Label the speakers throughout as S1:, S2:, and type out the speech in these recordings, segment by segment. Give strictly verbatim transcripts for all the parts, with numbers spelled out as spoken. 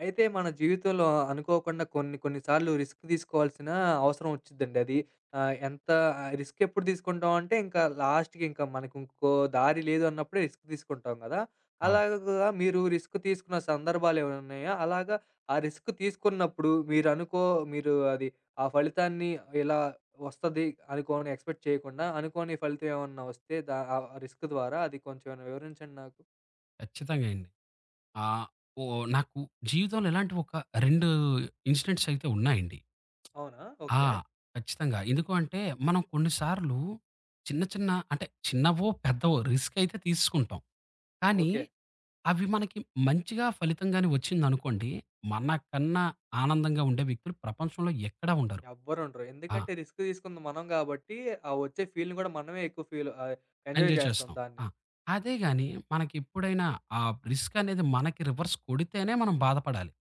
S1: అయితే మన జీవితంలో అ అనుకోకుండా కొన్ని కొన్ని సార్లు రిస్క్ తీసుకోవాల్సిన అవసరం ఒచ్చిద్దండది. ఆహ్, ఎంత ఆ రిస్క్ ఎప్పుడు తీసుకుంటాం అంటే ఇంకా లాస్ట్‌కి ఇంకా మనకు ఇంకో దారి లేదు అన్నప్పుడే రిస్క్ తీసుకుంటాం కదా!
S2: అవును.
S1: అలాగా మీరు రిస్క్ తీసుకున్న సందర్భాలేమన్నున్నాయా? అలాగా ఆ రిస్క్ తీసుకున్నప్పుడు మీరనుకో మీరు అది ఆ ఫలితాన్ని ఇలా ఒస్తది అనుకోని ఎక్స్‌పెక్ట్ చేయకుండా అనుకోని ఫలితం ఏమన్నా వస్తే దా ఆహ్, రిస్క్ ద్వారా అది కొంచెం ఏమైనా వివరించండి నాకు?
S2: ఖచ్చితంగా అండి. ఆ! ఓహ్! నాకు జీవితంలో ఇలాంటివి ఒక రెండు ఇన్సిడెంట్స్ అయితే ఉన్నాయండి?
S1: అవునా!
S2: ఆ!
S1: ఓకే.
S2: ఖచ్చితంగా. ఎందుకు అంటే, మనం కొన్నిసార్లు, చిన్న చిన్న అంటే చిన్నవో, పెద్దవో రిస్క్ అయితే తీసుకుంటాం. కానీ,
S1: ఓకే.
S2: అవి మనకి మంచిగా ఫలితం గాని ఒచ్చిందనుకోండి. మనకన్నా ఆనందంగా ఉండే వ్యక్తులు ప్రపంచంలో ఎక్కడ ఉండరు.
S1: ఎవ్వరుండరు.
S2: ఆ!
S1: ఎందుకంటే, రిస్క్ తీసుకుంది మనం కాబట్టి, ఆ వచ్చే ఫీల్‌ని కూడా మనమే ఎక్కువ ఫీల్ ఆయి ఎంజాయ్
S2: ఎంజాయ్
S1: చేస్తాం
S2: చేస్తాం.
S1: దాన్ని.
S2: ఆ! అదేగాని మనకెప్పుడైనా, ఆ రిస్క్ అనేది మనకి రివర్స్ కొడితేనే మనం బాధపడాలి.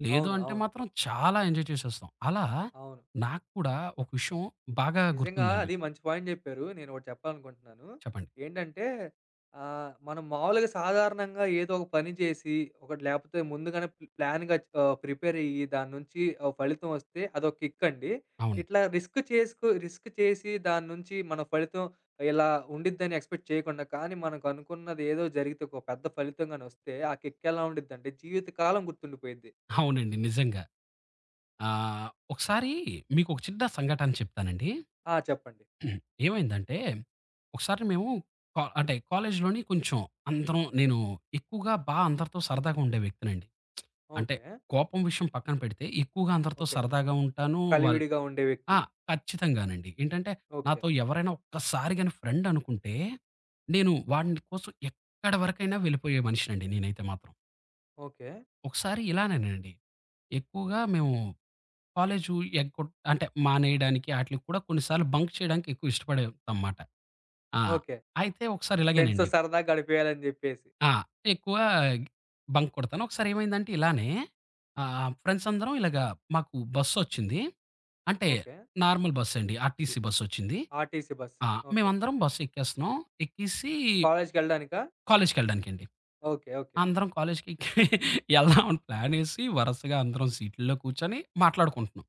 S2: లేదు
S1: అవును.
S2: అంటే
S1: అవును.
S2: మాత్రం చాలా ఎంజాయ్ చేసేస్తాం. అలా,
S1: అవును.
S2: నాకు కూడా ఒక విషయం బాగా
S1: నిజంగా
S2: గుర్తుందండి.
S1: అది మంచి పాయింట్ జెప్పారు. నేనొకటి చెప్పాలనుకుంటున్నాను.
S2: చెప్పండి.
S1: ఏంటంటే, ఆహ్, మనం మామూలుగా సాధారణంగా ఏదో ఒక పని జేసి, ఒకటి లేకపోతే ముందుగానే ప్ ప్లాన్‌గా ఆహ్, ప్రిపేర్ అయ్యి దాని నుంచి ఒక ఫలితం ఒస్తే అదొ కిక్ అండి.
S2: అవును.
S1: ఇట్లా రిస్క్ చేసుకు రిస్క్ చేసి దాని నుంచి మన ఫలితం ఇలా ఉండిద్దని ఎక్స్‌పెక్ట్ చేయకుండా, కానీ మనకు అనుకున్నదేదో జరిగితే ఒక పెద్ద ఫలితంగానొస్తే ఆ కిక్ ఎలా ఉండిద్దంటే జీవితకాలం గుర్తుండిపోయిద్ది.
S2: అవునండి. నిజంగా. ఆహ్, ఒకసారి మీకు ఒక చిన్న సంఘటన చెప్తానండి.
S1: ఆ! చెప్పండి.
S2: ఏమైందంటే, ఒకసారి మేము, కా అంటే కాలేజీలోని కొంచం అందరం నేను ఎక్కువగా బా అందరితో సరదాగా ఉండే వ్యక్తినండి. అంటే
S1: ఓకే.
S2: కోపం విషయం పక్కన పెడితే, ఎక్కువగా అందరితో
S1: ఓకే.
S2: సరదాగా ఉంటాను. వాళ్ళ్
S1: కలివిడిగా ఉండే వ్యక్తి.
S2: ఆ! ఖచ్చితంగానండి. ఏంటంటే
S1: ఓకే.
S2: నాతో ఎవరైనా ఒక్కసారి గాని ఫ్రెండ్ అనుకుంటే, నేను వాడిని కోసం ఎక్కడ వరకైనా వెళ్ళిపోయే మనిషినండి నేనైతే మాత్రం.
S1: ఓకే.
S2: ఒకసారి ఇలానేనండి, ఎక్కువగా మేము కాలేజు ఎగ్గొట్ అంటే మానేయడానికి ఆటిలకి కూడా కొన్నిసార్లు బంక్ చేయడానికి ఎక్కువ ఇష్టపడేవాళ్ళంమాట. ఆ!
S1: ఓకే.
S2: అయితే ఒకసారి
S1: ఫ్రెండ్స్‌తో
S2: ఇలాగేనండి.
S1: సరదా గడిపేయాలని జెప్పేసి.
S2: ఆ! ఎక్కువ బంక్ కొడతాను. ఒకసారేమైందంటే ఇలానే, ఆహ్, ఫ్రెండ్స్ అందరం ఇలాగ మాకు బస్సొచ్చింది. అంటే,
S1: ఓకే.
S2: నార్మల్ బస్సండి. ఆర్టీసీ బస్సొచ్చింది.
S1: RTC bus.
S2: ఆ!
S1: ఓకే.
S2: మేమందరం బస్సెక్కేస్తన్నాం. ఎక్కేసి
S1: కాలేజికెళ్ళడానికా?
S2: కాలేజికెళ్ళడానికండి.
S1: ఓకే. ఓకే.
S2: అందరం కాలేజికి ఎళ్దాం అని ప్లానేసి వరసగా అందరం సీటుల్లో కూర్చొని మాట్లాడుకుంటున్నాం.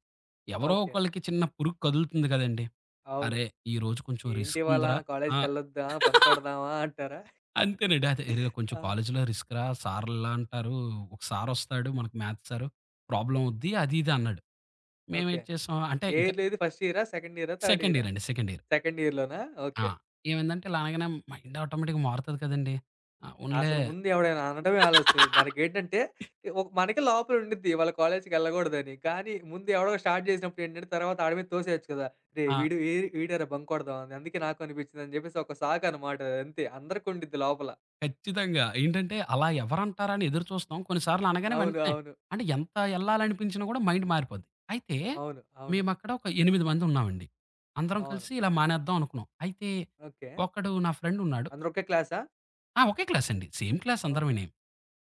S2: ఎవరో
S1: ఓకే.
S2: ఒకళ్ళకి చిన్న పురుగు కదులుతుంది గదండీ!
S1: అవును.
S2: అరే, ఈ రోజు కొంచెం
S1: ఏంటివాళ
S2: రిస్కుందిరా. ఆ!
S1: కాలేజికెళ్ళొద్దా? బంకొడదామా అంటారా?
S2: అంతేనండి. అదే అరే కొంచెం
S1: ఆ!
S2: కాలేజిలో రిస్క్‌రా సారిలా అంటారు. ఒక సారొస్తాడు మనకి మ్యాథ్ సారు, ప్రాబ్లమవుద్ది అది ఇది అన్నాడు.
S1: ఓకే.
S2: మేమేటి చేశాం అంటే
S1: ఏ
S2: ఇంకా
S1: ఇయర్‌లో ఇది? ఫస్ట్ ఇయరా? సెకండ్ ఇయరా? థర్డ్
S2: సెకండ్
S1: ఇయరా?
S2: ఇయరండి. Second year.
S1: సెకండ్ ఇయర్‌లోనా.
S2: ఆ!
S1: ఓకే.
S2: ఏమైందంటే ఇలా అనగానే మైండ్ ఆటోమేటిక్‌గా మారుతది కదండీ! అవునులే.
S1: అసలు ముందు ఎవడైనా అనడమే ఆలస్యం మనకేంటంటే ఒక మనకే లోపల ఉండిద్ది ఇవాళ కాలేజికెళ్ళగూడదని. కానీ ముందు ఎవడో స్టార్ట్ జేసినప్పుడేంటంటే తర్వాత ఆడి మీద తోసేయొచ్చు కదా! రేయ్
S2: ఆ!
S1: వీడు ఏడి వీడేరా బంకొడదామని, అందుకే నాకు అనిపించిందని జెప్పేసి ఒక సాకనమాట అదంతే. అందరికుండిద్ది లోపల.
S2: ఖచ్చితంగా. ఏంటంటే అలా ఎవరంటారని ఎదురు చూస్తాం. కొన్నిసార్లు అనగానే
S1: అవును.
S2: వెంటనే
S1: అవును.
S2: అంటే, ఎంత ఎళ్ళాలనిపించినా కూడా మైండ్ మారిపోద్ది. అయితే,
S1: అవును. అవును.
S2: మేమక్కడ ఒక ఎనిమిది మంది ఉన్నామండి. అందరం
S1: అవును.
S2: కలిసి ఇలా మానేద్దాం అనుకున్నాం. అయితే,
S1: ఓకే.
S2: ఒకడు నా ఫ్రెండున్నాడు.
S1: అందరొకే క్లాసా?
S2: ఆ! ఒకే క్లాసండి. Same class
S1: okay.
S2: అందరమేనీ.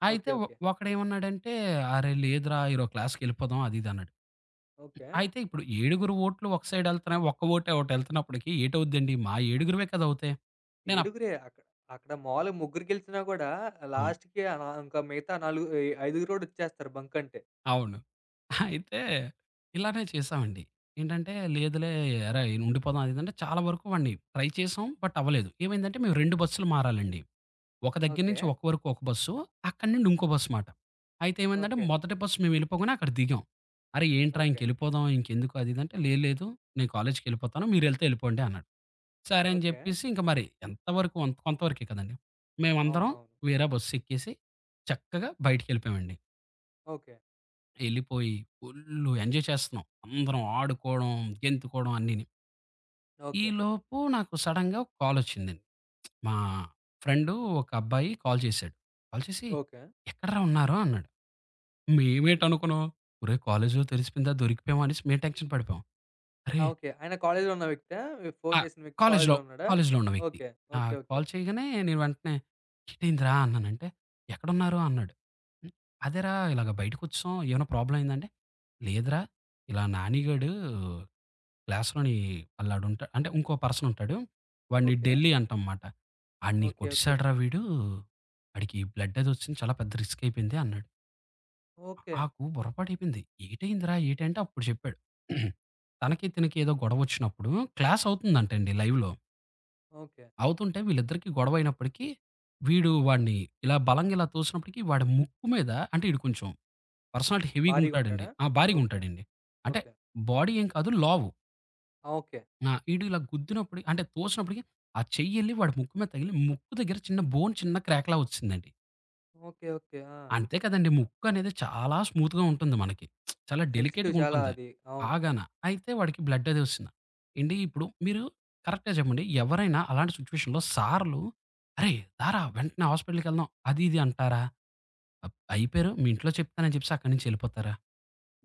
S2: అయితే
S1: ఓకే,
S2: ఒ
S1: ఓకే.
S2: ఒకడేమన్నాడంటే, "అరే! లేదురా ఈరోజు క్లాస్‌కెళ్ళిపోదాం" అది ఇదన్నాడు.
S1: ఓకే.
S2: అయితే ఇప్పుడు ఏడుగురు ఓట్లు ఒక సైడెళ్తున్నాయి, ఒక్క ఓటే ఒటెళ్తున్నప్పటికి ఏటవుద్దండి? మా ఏడుగురమే కద అవుతయి. నేనప్
S1: ఏడుగురే అక్కడ, అక్కడ మామూలుగా ముగ్గురు గెలిచినా కూడా
S2: అవును.
S1: లాస్ట్‌కి ఆహ్, నా ఇంకా మిగతా నాలుగు ఈయ ఐదుగురోడొచ్చేస్తారు బంకంటే.
S2: అవును. అయితే ఇలానే చేసామండి. ఏంటంటే, లేదులే ఎరా! ఉండిపోదాం అది అంటే చాలా వరకు వాడిని ట్రై చేశాం. బట్ అవ్వలేదు. ఏమైందంటే, మేము రెండు బస్సులు మారాలండి. ఒక దగ్గర నుంచి
S1: ఓకే.
S2: ఒక వరకు ఒక బస్సు, అక్కడి నుండి ఇంకో బస్సు మాట. అయితే ఏమందంటే,
S1: ఓకే.
S2: మొదటి బస్సు మేము వెళ్ళిపోగానే అక్కడ దిగాం. అరే! ఏంట్రా
S1: ఓకే.
S2: ఇంకెళ్ళిపోదాం ఇంకెందుకు అదిది అంటే "లే లేదు నేను కాలేజికిళ్ళిపోతాను. మీర వెళ్తే వెళ్ళిపోవండి" అన్నాడు. సరే అని
S1: ఓకే.
S2: చెప్పేసి ఇంక మరి ఎంత వరకు అంత కొంతవరకే కదండీ. మేమందరం
S1: అవునవును.
S2: వేరా బస్సేక్కేసి. చక్కగా బయటికిెళ్ళిపోయామండి.
S1: ఓకే.
S2: ఎళ్ళిపోయి ఫుల్లు ఎంజాయ్ చేస్తున్నాం. అందరం ఆడుకోవడం, గెంతుకోవడం అన్నీని.
S1: ఓకే.
S2: ఈలోపు నాకు సడెన్‌గా ఒక కాలొచ్చిందండి. మా ఫ్రెండు ఒక అబ్బాయి కాల్ చేశాడు. కాల్ చెసి,
S1: ఓకే.
S2: "ఎక్కడరా ఉన్నారు?" అన్నాడు. మేమేటినుకున్నాం, ఒరే కాలేజిలో తెలిసిపోయిందా, దొరికిపోయామనేసి మేం టెన్క్షన్ పడిపోయాం.
S1: ఆ!
S2: అరే
S1: ఓకే. ఆయన కాలేజిలో ఉన్న వ్యక్తా? మీ
S2: ఆ!
S1: ఫోను చేసిన వ్యక్
S2: కాలేజిలో,
S1: కాలేజిలో ఉన్నాడా?
S2: కాలేజిలో ఉన్న వ్యక్తి.
S1: ఓకే.
S2: ఆ!
S1: ఓకే. ఓకే.
S2: కాల్ చేయగానే నేను వెంటనే, ఎటైందిరా! అన్నానంటే, "ఎక్కడన్నారు" అన్నాడు. "హ్మ్, అదేరా ఇలాగ బయటకొచ్చెసాం, ఏమైనా ప్రాబ్లమైందా" అంటె, "లేదురా ఇలా నానిగాడు, క్లాస్‌లోని అల్లాడుంటా" అంటే ఇంకో పర్సనుంటాడు, వాడి
S1: ఓకే.
S2: ఢిల్లీ అంటాంమాట. "ఆడిని
S1: ఓకే. ఓకే.
S2: కొట్టేసాడరా వీడు, వాడికి బ్లడ్ అది వచ్చింది చాలా పెద్ద రిస్క్ అయిపోయింది" అన్నాడు. ఆకు
S1: ఓకే.
S2: నాకు బుర్రపాడైపోయింది. ఏటయిందిరా ఏటంటే అప్పుడు జెప్పాడు. తనకి, తినకి ఏదో గొడవ ఒచ్చినప్పుడు క్లాసవుతుందంటండి లైవ్‌లో.
S1: ఓకే.
S2: అవుతుంటే, వీళ్ళిద్దరికి గొడవయినప్పటికి. వీడు వాడిని ఇలా బలంగా ఇలా తోసినప్పటికి వాడి ముక్కు మీద అంటే ఈడు కొంచెం. పర్సనాలటి హెవీగా
S1: భారీగా
S2: ఉంటాడండి.
S1: ఉంటాడా?
S2: ఆ! భారీగా
S1: ఓకే.
S2: ఉంటాడండి. అంటే
S1: ఓకే.
S2: బాడీ ఏం కాదు లావు.
S1: ఆ! ఓకే.
S2: ఆ! ఈడు ఇలా గుద్దినప్పుడు అంటే తోసినప్పటికి, ఆ చెయ్యి ఎళ్లి వాడి ముక్కు మీద తగిలి ముక్కు దగ్గర చిన్న బోన్ చిన్న క్రాక్‌లా ఒచ్చేసిందండి.
S1: ఓకే. ఓకే. ఆ!
S2: అంతే కదండీ. ముక్కనేది చాలా స్మూత్‌గా ఉంటుంది మనకి. చాలా
S1: సెన్సిటివ్
S2: డెలికేట్‌గా
S1: చాలా
S2: ఉంటుంది.
S1: అది. అవును.
S2: బాగాన. అయితే వాడికి బ్లడ్ అది ఒచ్చేసిన. ఏండీ, ఇప్పుడు మీరు కరెక్ట్‌గా చెప్పండి. ఎవరైనా అలాంటి సిట్యుయేషన్‌లో సార్లు అరేయ్! దారా వెంటనే హాస్పిటల్‌కెళ్దాం అది ఇది అంటారా? అబ అయిపోయారు. మీ ఇంట్లో చెప్తాను అని చెప్పేసి అక్కడి నుంచి ఎళ్ళిపోతారా?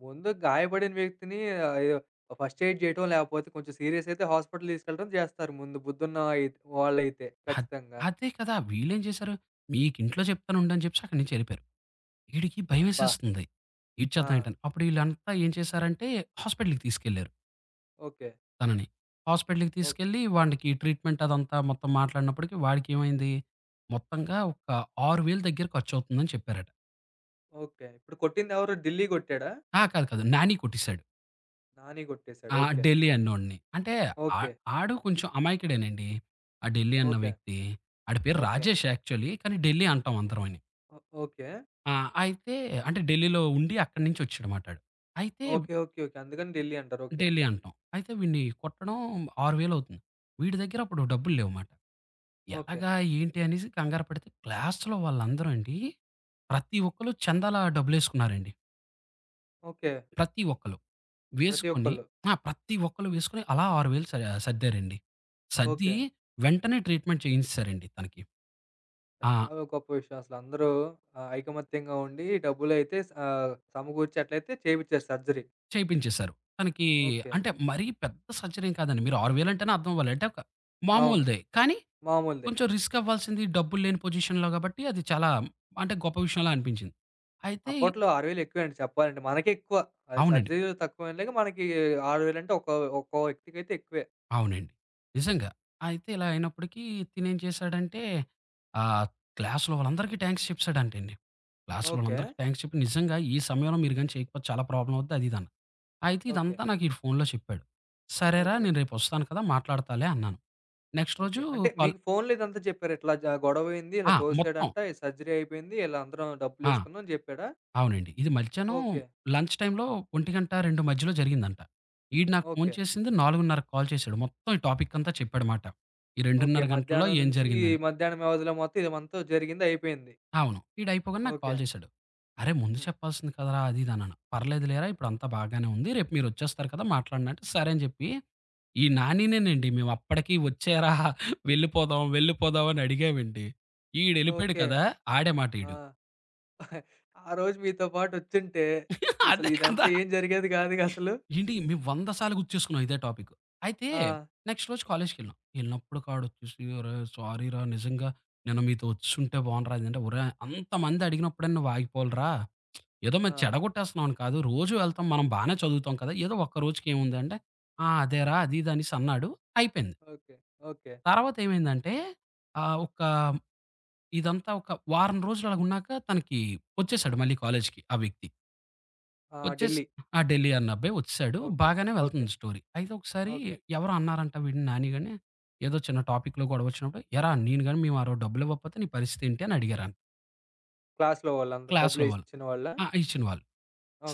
S1: ముందు గాయపడిన వ్యక్తిని ఆహ్, ఆయో ఓ ఫస్ట్ ఎయిడ్ జేయటమో! లాకపోతే కొంచెం సీరియసయితే హాస్పిటల్ తీసుకెళ్ళటం జేస్తారు ముందు బుద్దుున్న అయి వాళ్ళైతే.
S2: అద్
S1: ఖచ్చితంగా!
S2: అదే కదా! వీళ్ళేం జేశారు, మీకింట్లో జెప్తానుండు అని జెప్పేసి అక్కడి నుంచి ఎళ్ళిపోయారు. ఈడికి
S1: అబ్బా!
S2: భయమేసేస్తుంది.
S1: ఆ!
S2: ఏటీచేద్దాం ఏంటని, అప్పుడిళ్ళంతా ఏం చేశారంటే హాస్పిటల్‌కి తీసుకెళ్లారు.
S1: ఓకే.
S2: తనని హాస్పిటలకి
S1: ఓహ్!
S2: తీసుకెళ్ళి వాడికి ట్రీట్మెంట్ అదంతా మొత్తం మాట్లాడినప్పటికి వాడికేమైంది, మొత్తంగా ఒక ఆరు వేలు దగ్గర ఖర్చవుతుందని చెప్పారట.
S1: ఓకే. ఇప్పుడు కొట్టింది ఎవరూ ఢిల్లీ కొట్టాడా?
S2: ఆ! కాదు కాదు. నాని కొట్టేశాడు.
S1: నాని కొట్టేసాడు.
S2: ఆ!
S1: ఓకే.
S2: ఢెల్లీ అన్నోడిని. అంటే ఆ
S1: ఓకే.
S2: ఆడు కొంచెం అమాయకుడేనండి. ఆ ఢెల్లీ అన్న
S1: ఓకే.
S2: వ్యక్తి. ఆడి పేరు
S1: ఓకే.
S2: రాజేష్ యాక్చువలీ కానీ ఢిల్లీ అంటాం అందరం వాని.
S1: ఓకే.
S2: ఆ! అయితే అంటే ఢిల్లీలో ఉండి అక్కడి నుంచి వచ్చాడు మాటాడు. అయితే
S1: ఓకే. ఓకే. ఓకే. అందుకని ఢిల్లీ అంటారు. ఓకే.
S2: ఢెల్లీ అంటాం. అయితే విడిని కొట్టడం ఆరు వేలవుతుంది. వీడి దగ్గర అప్పుడు డబ్బులు లేవుమాట.
S1: ఓకే.
S2: ఎలాగా ఏంటి అనేసి కంగారు పడితే, క్లాస్‌లో వాళ్ళందరు అండి, ప్రతి ఒక్కళ్ళు చందాల డబ్బులేసుకున్నారండి.
S1: ఓకే.
S2: ప్రతి ఒక్కళ్ళు.
S1: ప్రతి
S2: వేసుకొని
S1: ఒక్కళ్ళు.
S2: ఆ! ప్రతి ఒక్కళ్ళు వేసుకొని. అలా ఆరు వేలు స సద్దారండి. సర్ది
S1: ఓకే.
S2: వెంటనే ట్రీట్మెంట్ చేయించేసారండి. తనకి. ఆ!
S1: చాలా గొప్ప విషయం అసలు అందరూ ఆహ్, ఐకమత్యంగా ఉండి డబ్బులయితే స సమకూర్చేట్లయితే చేపిచ్చారు. సర్జరీ.
S2: చేపించేేశారు. తనకి
S1: ఓకే.
S2: అంటే మరీ పెద్ద సర్జరీ ఎం కాదండి. మీరు ఆరు వేలంటేనే అర్థమవ్వాలి. అంటే ఒక
S1: అవును.
S2: మామూలుదే. కానీ,
S1: మామూలదే.
S2: కొంచెం రిస్కవ్వాల్సింది డబ్బులు లేని పొజిషన్‌లో కాబట్టి. అది చాలా అంటే గొప్ప విషయలా అనిపించింది. అయితే
S1: అప్పట్లో ఆరు వేలెక్కువే అండి చెప్పాలంటే. మనకెక్కువ. అది
S2: అవునండి.
S1: సర్జరీలో తక్కువెండి. మనకి ఆరు వేలంటే ఒక్క ఒక్కో వ్యక్తికైతే ఎక్కువే.
S2: అవునండి. నిజంగా. అయితే ఇలా అయినప్పటికీ తినేం చేశాడంటే, ఆ క్లాస్‌లో వాళ్ళందరికీ థ్యాంక్స్ చెప్పేశాడంటండి. క్లాస్‌లో
S1: ఓకే.
S2: వాళ్ళందరికి థ్యాంక్స్ చెప్పి నిజంగా ఈ సమయంలో మీరు గాని చేయకపోతే చాలా ప్రాబ్లమ్ అవుద్ది అదీదని. అయితే
S1: ఓకే.
S2: ఇదంతా నాకు ఈ ఫోనులో చెప్పాడు. సరేరా
S1: ఓకే.
S2: నేను రేపు వస్తాను కదా! మాట్లాడతాలే అన్నాను. నెక్స్ట్ రోజు
S1: ఓకే. అంటే
S2: కాల్
S1: మీకు ఫోనులో ఇదంతా చెప్పారు. ఇట్లా జ గొడవయింది. ఇలా
S2: ఆ! మొత్తం.
S1: తోసాడంట. ఈ సర్జరీ అయిపోయింది. ఇలా అందరం డబ్బులు
S2: ఆ!
S1: వేసుకున్నాం అని చెప్పాడా?
S2: అవునండి. ఇది మధ్యాహ్నం
S1: ఓకే.
S2: లంచ్ టైమ్‌లో ఒంటి గంట, రెండు మధ్యలో జరిగిందంట. ఈడు నాకు ఫోన్
S1: ఓకే.
S2: చేసింది. నాలుగునరకి కాల్ చేశాడు. మొత్తం ఈ టాపిక్ అంతా చెప్పాడ మాట. ఈ
S1: ఓకే.
S2: రెండున్నర గంటల్లో
S1: మధ్యాహ్నం
S2: ఏం
S1: నుంచి, ఈ
S2: జరిగిందని.
S1: మధ్యాహ్నం వ్యవదిలో మొత్తం ఇది మొత్తం జరిగిందయిపేయింది.
S2: అవును. వీడయిపోగానే నాకు
S1: ఓకే.
S2: కాల్ చేశాడు. అరే ముందు
S1: హుహు.
S2: చెప్పాల్సింది కదరా! అది ఇది అన్నాను. "పర్లేదులేరా ఇప్పుడు అంతా బాగానే ఉంది. రేపు మీరు వచ్చేస్తారు కదా! మాట్లాడడి" అంటే సరే అని చెప్పి. ఈ నానినేేనండి, మేవప్పటికి వచ్చేరా వెళ్ళిపోదాం, వెళ్ళిపోదాం అని అడిగామండి. ఈడెళ్ళిపోాయాడు
S1: ఓకే.
S2: కదా! ఆడే మాట
S1: ఆ!
S2: ఈడు.
S1: ఆ రోజు మీతో పాటొచ్చుంటే ఇసలు
S2: అదే
S1: ఇదంత
S2: కదా!
S1: ఏం జరిగేది కాదుగా అసలు.
S2: ఏండి మేము వందసార్లు గుర్తుచేస్కున్నాం. ఇదే టాపిక్. అయితే
S1: ఆ!
S2: నెక్స్ట్ రోజు కాలేజికెళ్ళాం. వెళ్ళినప్పుడు కాడొచ్చూసి "అరే! సారీరా నిజంగా నేను మీతో వచ్చుంటే బావుండురా" అంటే ఓరేయ్ అంతమంది అడిగినప్పుడైనా వాగిపోవాలిరా. ఏదో మేం
S1: ఆ!
S2: చెడగొట్టేస్తున్నాంని కాదు. రోజు వెళ్తాం మనం బానే చదువుతాం కదా! ఏదో ఒక్క రోజుకి ఏముంద అంటే, "ఆ! అదేరా." అది ఇది అనేసన్నాడు. అయిపోయింది.
S1: ఓకే. ఓకే.
S2: తర్వాతేమైందంటే, ఆహ్, ఒక ఇదంతా ఒక వారం రోజులలాగున్నాక తనకి వచ్చేసాడు మళ్ళీ కాలేజికి ఆ వీక్‌కి.
S1: ఆ!
S2: వచ్చేసి
S1: ఢిల్లీ.
S2: ఆ! ఢిల్లీ అన్న అబ్బాయి వచ్చేసాడు.
S1: ఓకే.
S2: బాగానే
S1: ఓకే.
S2: వెళ్తుంది స్టోరీ. అయితే ఒకసారి
S1: ఓకే.
S2: ఎవరో అన్నారంటా వీడిని నానిగాని. ఏదో చిన్న టాపిక్‌లో గొడవొచ్చినప్పుడు "ఎరా! నేను గాని మేము ఆరో డబ్బులు ఇవ్వకపోతే నీ పరిస్థితేంటి" అని అడిగారన
S1: క్లాస్‌లో వాళ్ళందరూ.
S2: క్లాస్‌లో వాళ్ళు.
S1: డబ్బులేసిచ్చిన వాళ్ళా?
S2: ఆహ్, ఇచ్చిన వళ్ళు.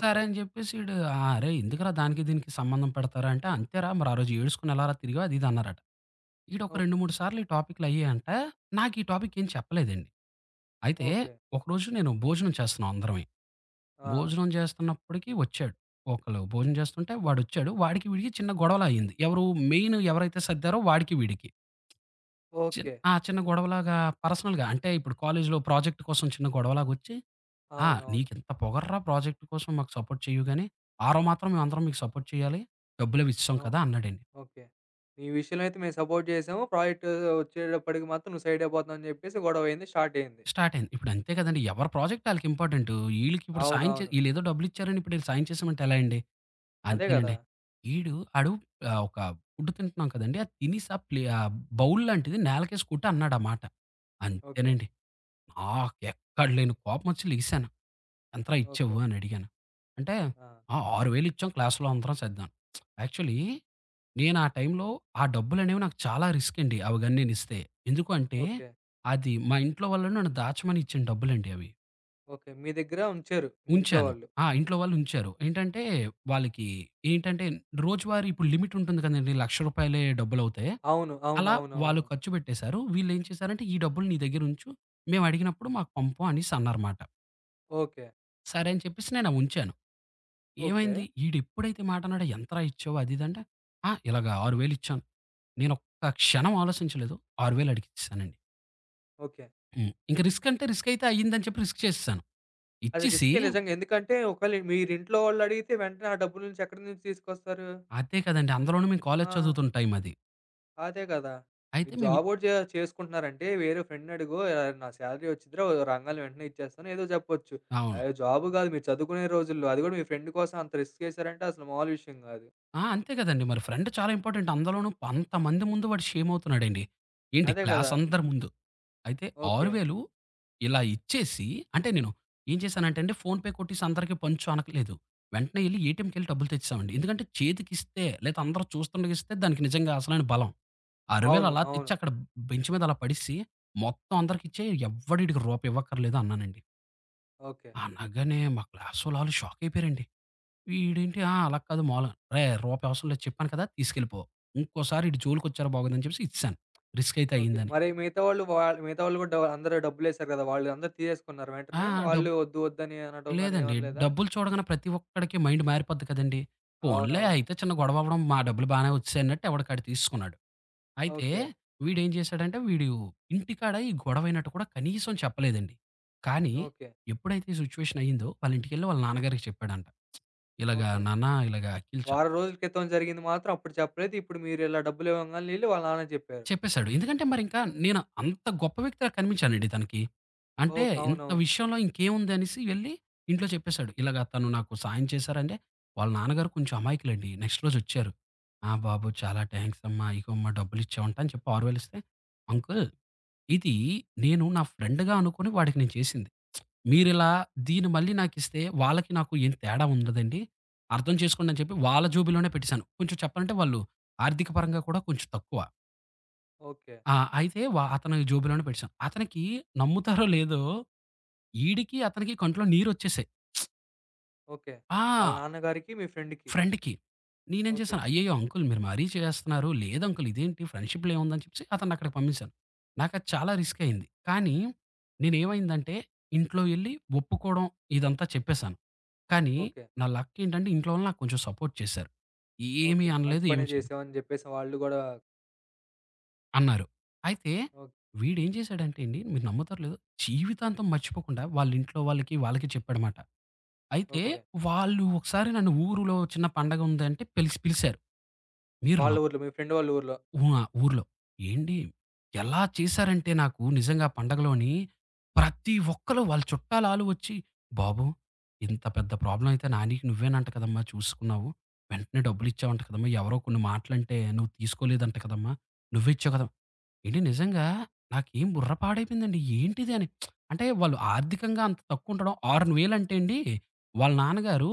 S2: సరే అని చెప్పేసి ఈడు, "ఆ! అరే ఎందుకురా దానికి దీనికి సంబంధం పెడతారు? అంటే, అంతేరా, మరి ఆ రోజు ఏడుసుకొని ఎలారా తిరిగావ్" అది ఇది అన్నారట. ఈడొక
S1: ఓహ్!
S2: రెండు మూడు సార్లు ఈ టాపిక్లు అయ్యాయంట నాకీ టాపిక్ ఏం చెప్పలేదండి. అయితే
S1: ఓకే.
S2: ఒకరోజు నేను భోజనం చేస్తున్నా అందరమి.
S1: ఆ!
S2: భోజనం చేస్తున్నప్పటికి వచ్చాడు. ఒకళ్ళు భోజనం జేస్తుంటే వాడొచ్చాడు. వాడికి వీడికి చిన్న గొడవలా అయింది. ఎవరు మెయినెవరైతే సర్దారో వాడికి వీడికి. చిన్
S1: ఓకే.
S2: ఆ! చిన్న గొడవలాగా పర్సనల్‌గా అంటే, ఇప్పుడు కాలేజీలో ప్రాజెక్ట్ కోసం చిన్న గొడవలాగొచ్చి. "ఆ!
S1: అవునవును.
S2: నీకెంత పొగర్రా ప్రాజెక్ట్ కోసం మాకు సపోర్ట్ చెయ్యవుగానీ ఆరో మాత్రం మేమందరం మీకు సపోర్ట్ చేయాలి, డబ్బులవి ఇచ్చెశం
S1: అవును.
S2: కదా!" అన్నాడండి.
S1: ఓకే. ఈ విషయంలో అయితే మేము సపోర్ట్ చేసాము. ప్రాజెక్టు వచ్చేటప్పటికి మాత్రం నువ్వు సైడయిపోతున్నావు అని చెప్పేసి గొడవయింది. స్టార్టయింది.
S2: స్టార్టయింది. ఇప్పుడు అంతే కదండీ. ఎవరి ప్రాజెక్ట్ ఆళ్ళకి ఇంపార్టెంటు. ఈళ్ళకి ఇప్పుడు సాయం చే
S1: అవునవును.
S2: ఈళ్ళేదో డబ్బులు ఇచ్చారని ఇప్పుడీళ్ళు సాయం చేసామంటే ఎలా అండి?
S1: అదే గదా!
S2: అంతేనండి. ఈడు ఆడు ఆహ్, ఒక ఫుడ్టు తింటున్నాం కదండీ ఆ తినెసా ప్లే ఆహ్, బౌల్లాంటిది నలకేసి కొట్టి అన్నాడామాట.
S1: ఓకే.
S2: అంతేనండి. నాకెక్కడ లేని కోపమొచ్చి లెగిసాను. ఎంతరా
S1: ఓకే.
S2: ఇచ్చావ్వు అనడిగాను. అంటే,
S1: ఆ!
S2: "ఆ! ఆరు వేలు ఇచ్చాం క్లాస్‌లో అందరం సద్దాం." యాక్చువలీ నేనా టైంలో ఆ డబ్బులనేవి నాకు చాలా రిస్కండి అవిగన్ననిస్తే. ఎందుకుంటే,
S1: ఓకే.
S2: అది మా ఇంట్లో వాళ్ళు నన్ను దాచమని ఇచ్చిన డబ్బులండి అవి.
S1: ఓకే. మీ దగ్గర ఉంచారు మీ ఇంట్లో
S2: ఉంచాను.
S1: వాళ్ళు.
S2: ఆ! ఇంట్లో వాళ్ళుంచారు. ఏంటంటే వాళ్ళకి ఏంటంటే రోజువారీ ఇప్పుడు లిమిటుంటుంది కదండీ లక్ష రూపాయిలే డబ్బులవుతే,
S1: అవును.
S2: అలా వాళ్ళు
S1: అవునవునవును.
S2: ఖర్చుపెట్టేశారు. వీళ్ళేం చేశారంటే ఈ డబ్బులు నీ దగ్గర ఉంచు మేమడిగినప్పుడు మాకు పంపు అనేసన్నారమాట.
S1: ఓకే.
S2: సరే అని చెప్పేసి నేనవుంచాను.
S1: ఓకే.
S2: ఏమైంది? ఈడెప్పుడైతే మాటన్నడొ "ఎంతరా ఇచ్చావు" అది ఇదంటే, ఆ! ఇలాగ ఆరు వేలు ఇచ్చాం. నేన ఒక్క క్షణం ఆలోచించలేదు. ఆరు వేలు అడికిచ్చేసానండి.
S1: ఓకే.
S2: హ్మ్. ఇంక రిస్కంటే రిస్కయితే అయిందని చెప్పి రిస్క్ చేసేసాను.
S1: అది
S2: ఇచ్చేసి
S1: రిస్కే నిజంగా. ఎందుకంటే ఒకేళ మీరు ఇంట్లో వాళ్ళు అడిగితే వెంటనే ఆ డబ్బు నుంచి ఎక్కడి నుంచి తీసుకొస్తారు?
S2: అదే కదండీ. అందలోను మేము కాలేజీ
S1: ఆ!
S2: చదువుతున్న టైం అది.
S1: అదే గదా!
S2: అయితే
S1: మీరు
S2: మేమి
S1: జాబోటి చే చేసుకుంటున్నారంటే వేరే ఫ్రెండ్‌ని అడుగో ఆహ్, నా సాలరీ వచ్చిదిరా ఒ రంగానే వెంటనే ఇచ్చేస్తాను, ఏదో చెప్పొచ్చు.
S2: అవును.
S1: అయో జాబు గాదు, మీరు చదువుకునే రోజుల్లో అది కూడా మీ ఫ్రెండ్ కోసం అంత రిస్క్ వసారంటే అసలు మాములు విషయం గాదు.
S2: ఆ! అంతే కదండీ. మరి ఫ్రెండ్ చాలా ఇంపార్టెంట్. అందులోనూ అంతమంది ముందు వాడు షేమవుతున్నాడండి. ఏంటి
S1: అదే గదా!
S2: క్లాసందరి ముందు. అయితే ఆరు
S1: ఓకే.
S2: వేలు ఇలా ఇచ్చేసి అంటే నేను, ఏం చేశానంటే అండి ఫోన్‌పే కొట్టసి అందరికిీ పంచు అనట్లేదు. వెంటనే వెళ్లి ఏటీఎంకెళ్ళి డబ్బులు తెచ్చేసామండి. ఎందుకంటే చేతికిస్తే లేదా అందరూ చూస్తుండకి ఇస్తే దానికి నిజంగా అసలైన బలం. ఆరు వేలు
S1: అవును.
S2: అలా తెచ్చి
S1: అవును.
S2: అక్కడ బెంచ్ మీద అలా పడేసి మొత్తం అందరికి ఇచ్చేయి ఎవ్వడ ఈడికి రూపాయి ఇవ్వక్కర్లేదు అన్నానండి.
S1: ఓకే.
S2: అనగానే మా క్లాస్ వాళ్ళు ఆళ్ళు షాకయిపోయారండి. వీడేంటి ఆ! అలా కాదు మామూలుగా రేయ్ రూపాయి అవసరం లేదు చెప్పాను కదా! తీసుకెళ్ళిపో. ఇంకోసారి ఈడి జోలికొచ్చారా బాగోదని జెప్పేసి ఇచ్చేశాను రిస్క్ అయితే
S1: ఓకే.
S2: అయిందని.
S1: మరి మిగతా వాళ్ళు వాళ్ మిగతా వాళ్ళు గూడా డ అందరూ డబ్బులేశారు గదా! వాళ్ళు అందరూ తీసేసుకున్నారు
S2: ఆ!
S1: వెంటనే.
S2: డబ్
S1: వాళ్ళు ఒద్దు ఒద్దని అనటంగాని
S2: లేదండి.
S1: ఏమనలేదా?
S2: డబ్బులు చూడగానే ప్రతి ఒక్కడికి మైండ్ మారిపోద్ది కదండీ. పోన్లే
S1: అవునవును.
S2: అయితే చిన్న గొడవవ్వడం మా డబ్బులు బానే వచ్చేశాయి అన్నట్టు ఎవడికాడు తీసుకున్నాడు. అయితే
S1: ఓకే.
S2: వీడేం జేశాడంటే వీడు ఇంటికాడ ఈ గొడవయినట్టు కూడా కనీసం చెప్పలేదండి. కానీ,
S1: ఓకే.
S2: ఎప్పుడైతే ఈ సిచ్యువేషన్ అయిందో వాళ్ళింటికెళ్ళి వాళ్ళ నాన్నగారికి చెప్పాడంట, ఇలాగా
S1: ఓకే.
S2: నాన్న ఇలాగ 'అఖిల్' చా
S1: వారం రోజుల క్రితం జరిగింది మాత్రం అప్పుడు చెప్పలేదు. ఇప్పుడు మీరు ఇలా డబ్బులు ఇవ్వంగాల్నే ఎళ్లి వాళ్ళ నాన్నకి జెప్పారు.
S2: చెప్పేశాడు. ఎందుకంటే, మరింకా నేను అంత గొప్ప వ్యక్తిలా కనిపించానండి తనకి. అంటే
S1: ఓక్
S2: ఇంత
S1: అవునవును.
S2: విషయంలో ఇంకేముందనేసి వెళ్ళి ఇంట్లో చెప్పేశాడు. ఇలాగ తను నాకు సహాయం చేశారంటే, వాళ్ళ నాన్నగారు కొంచెం అమాయకులండి. నెక్స్ట్ రోజు వచ్చారు. ''ఆ! బాబు చాలా థాంక్స్ అమ్మా ఈగోమ్మా డబ్బులిచ్చావంటా'' అని చెప్పి ఆరువేలిస్తే, అంకుల్ ఇదీ నేను నా ఫ్రెండ్‌గా అనుకొని వాడికి నేను చేసింది. మీరిలా దీన్ని మళ్ళీ నాకిస్తే వాళ్ళకి నాకు ఏం తేడా ఉండదండి అర్థం చేసుకోండని చెప్పి వాళ్ళ జేబులోనే పెట్టేేశాను. కొంచెం చెప్పాలంటే వాళ్ళు ఆర్థికపరంగా కూడా కొంచెం తక్కువ.
S1: ఓకే.
S2: ఆ! అయితే వా అతను జోబిలోనే పెట్టసాను. అతనికి నమ్ముతారో లేదో, ఈడికి, అతనికి కంట్లో నీరొచ్చేసాయి.
S1: ఓకే. వాళ్ళ
S2: ఆ!
S1: నాన్నగారికి, మీ ఫ్రెండ్‌కి.
S2: ఫ్రెండ్‌కి. నేనేం చేశాను,
S1: ఓకే.
S2: అయ్యయ్యో! అంకులు మీరు మరీ చేసేస్తున్నారు, లేదంకులు ఇదేంటి ఫ్రెండ్‌షిప్‌లో ఏముందని చెప్పేసి అతన్నక్కడికి పంపేసాను. నాకది చాలా రిస్కయింది. కానీ నేనుమైందంటే, ఇంట్లో ఎళ్ళి ఒప్పుకోవడం ఇదంతా చెప్పేశాను. కానీ
S1: ఓకే.
S2: నా లక్కేంటంటే ఇంట్లో వాళ్ళు నాక్కొంచం సపోర్ట్ చేశారు. ఏమి
S1: ఓకే. మంచి
S2: అనలేదు,
S1: పనే
S2: ఏమి చేయలేదు.
S1: చేశావని చెప్పేసి వాళ్ళు గూడా
S2: అన్నారు. అయితే
S1: ఓక్
S2: వీడేం చేశాడంటండి మీరు నమ్మతారో, లేదో జీవితాంతం మర్చిపోకుండా వాళ్ళింట్లో వాళ్ళకి, వాళ్ళకి చెప్పాడమాట. అయితే
S1: ఓకే.
S2: వాళ్ళు ఒకసారి నన్ను ఊరులో చిన్న పండగుందంటే పిలిసి పిలిసారు. మీరు న
S1: వాళ్ళ ఊర్లో, మీ ఫ్రెండు వాళ్ళ ఊర్లో.
S2: ఉ ఆ! ఊర్లో. ఏండి, ఎలా చేశారంటే నాకు నిజంగా పండగలోని ప్రతి ఒక్కళు వాళ్ళ చుట్టాలాలు ఒచ్చి, "బాబు! ఇంత పెద్ద ప్రాబ్లమయితే నానికి నువ్వేనంట కదమ్మా చూసుకున్నావు. వెంటనే డబ్బులు ఇచ్చేవంట కదమ్మా! ఎవరో కొన్ని మాటలంటే నువ్వు తీసుకోలేదంట కదమ్మా! నువ్వే ఇచ్చావు కదమ్" ఏండి నిజంగా నాకేం బుర్ర పాడైపోయిందండి, ఏంటిదని. అంటే వాళ్ళు ఆర్థికంగా అంత తక్కువ ఉంటడం, ఆరు వేలంటండి, వాళ్ళ నాన్నగారు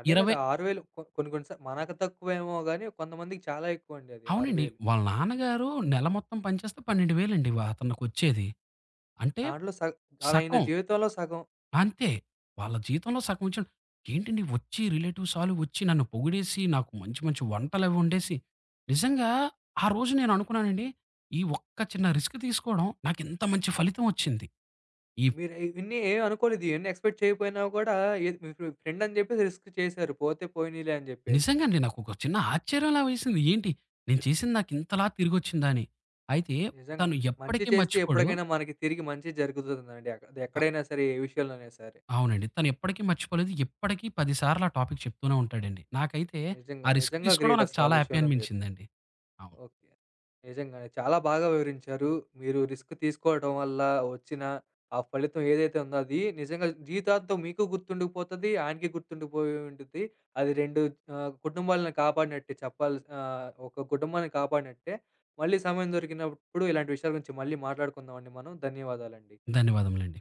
S1: అదే కదా!
S2: ఇరవై
S1: ఆరు వేలు కొ కొన్ని, కొన్ని స మనకు తక్కువేమో గానీ, కొంతమందికి చాలా ఎక్కువండది ఆరు
S2: అవునండి.
S1: వేలు.
S2: వాళ్ళ నాన్నగారు నెల మొత్తం పని చేస్తే పన్నెండు వేలండి వా అతనుకొచ్చేది. అంటే
S1: దాంట్లో సగ్ చాలా ఆయన
S2: సకం,
S1: జీవితంలో సగం.
S2: అంతే. వాళ్ళ జీవితంలో సగమించ ఏంటండి ఒచ్చి రిలేటివ్సాలొచ్చి నన్ను పొగిడేసి, నాకు మంచి మంచి వంటలవొండేసి, నిజంగా ఆ రోజు నేను అనుకున్నానండి. ఈ ఒక్క చిన్న రిస్క్ తీసుకోవడం నాకు ఇంత మంచి ఫలితం ఒచ్చింది. ఈప్
S1: మీరు ఇవన్నీ ఏమినుకోలేదు. ఎన్ని ఎక్స్పెక్ట్ చేయకపోయినా గూడా, ఏది మీ ఫ్రె ఫ్రెండని చెప్పేసి రిస్క్ చేశారు, పోతే పోనీలే అని చెప్పేసి.
S2: నిజంగా అండి. నాకొక చిన్న ఆశ్చర్యంలా వేసింది. ఏంటి నేను చేసింది నాకింతలా తిరిగొచ్చిందా అని. అయితే
S1: నిజంగా.
S2: తను
S1: మంచి
S2: ఎప్పటికి
S1: చేస్తే
S2: మర్చిపోడు.
S1: ఎప్పటికైనా మనకి తిరిగి మంచే జరుగుతుందండి. ఎక్
S2: అ
S1: ఎక్కడైనా సరే, ఏ విషయంలోనైనా సరే.
S2: అవునండి. తనెప్పటికి మర్చిపోలేదు. ఇప్పటికి పది సార్లా టాపిక్ చెప్తూనే ఉంటాడండి. నాకైతే
S1: నిజంగా.
S2: ఆ రిస్క్
S1: నిజంగా
S2: తీసుకోవడం నాకు
S1: గ్రేటసల, ఆ
S2: చాలా హ్యాపీ
S1: విషయంలో మీరు.
S2: అనిపించిందండి. అవును.
S1: ఓకే. నిజంగానే. చాలా బాగా వివరించారు. మీరు రిస్క్ తీసుకోవటం వల్ల ఒచ్చిన ఆ ఫలితం ఏదైతే ఉందో, అది నిజంగా జీవితాంతం మీకు గుర్తుండుకుపోతది. ఆయనకి గుర్తుండిపోయి ఉండిద్ది. అది రెండు ఆహ్, కుటుంబాలను కాపాడినట్టే చెప్పాల్సినా ఒక కుటుంబాన్ని కాపాడినట్టే. మళ్ళీ సమయం దొరికినప్పుడు ఇలాంటి విషయాల గురించి మళ్ళీ మాట్లాడుకుందామండి మనం. ధన్యవాదాలండి.
S2: ధన్యవాదములండి.